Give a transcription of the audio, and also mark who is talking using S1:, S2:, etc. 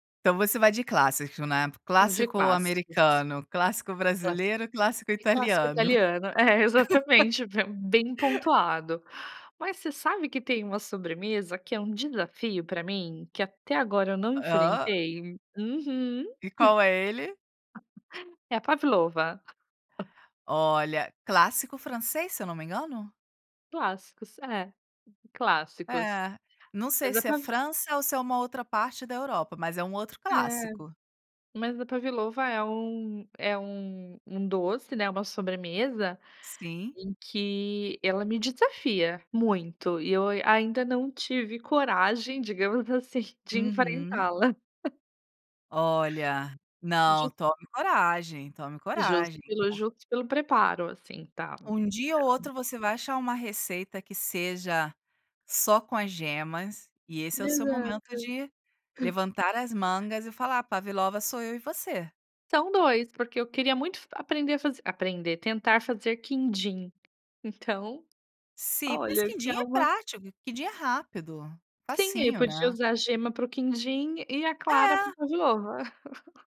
S1: Então você vai de clássico, né,
S2: Vou de
S1: clássico
S2: clássicos.
S1: americano, clássico
S2: Clássico,
S1: brasileiro, clássico
S2: e clássico
S1: italiano.
S2: italiano, é exatamente, bem pontuado. Mas você sabe que tem uma sobremesa que é um desafio para mim, que até agora eu não
S1: Hã?
S2: enfrentei? Uhum.
S1: E qual é ele?
S2: É a Pavlova.
S1: Olha, clássico francês se eu não me engano?
S2: Clássicos, é, clássicos.
S1: É, não sei
S2: Mas a
S1: se é
S2: pav
S1: França ou se é uma outra parte da Europa, mas é um outro
S2: É,
S1: clássico.
S2: mas a Pavlova é um é um um doce, né, uma sobremesa,
S1: Sim.
S2: em que ela me desafia muito e eu ain ainda não tive coragem digamos assim de
S1: Uhum.
S2: enfrentá-la.
S1: Olha, não,
S2: De
S1: tome coragem, tome
S2: Justo
S1: coragem.
S2: pelo justo pelo preparo, assim, tá,
S1: Um dia ou outro
S2: então
S1: você vai achar uma receita que seja só com as gemas, e esse é o seu
S2: Exato.
S1: momento de levantar as mangas e falar: "Pavlova sou eu e você".
S2: São 2, porque eu queria muito f aprender a aprender, tentar fazer quindim, Então,
S1: Sim, mas
S2: olha que
S1: quindim
S2: é
S1: é
S2: uma
S1: prático, que dia é rápido,
S2: Sim, aí eu
S1: facinho,
S2: podia
S1: né?
S2: usar gema para o quindim, e a clara para
S1: É.
S2: a pavlova.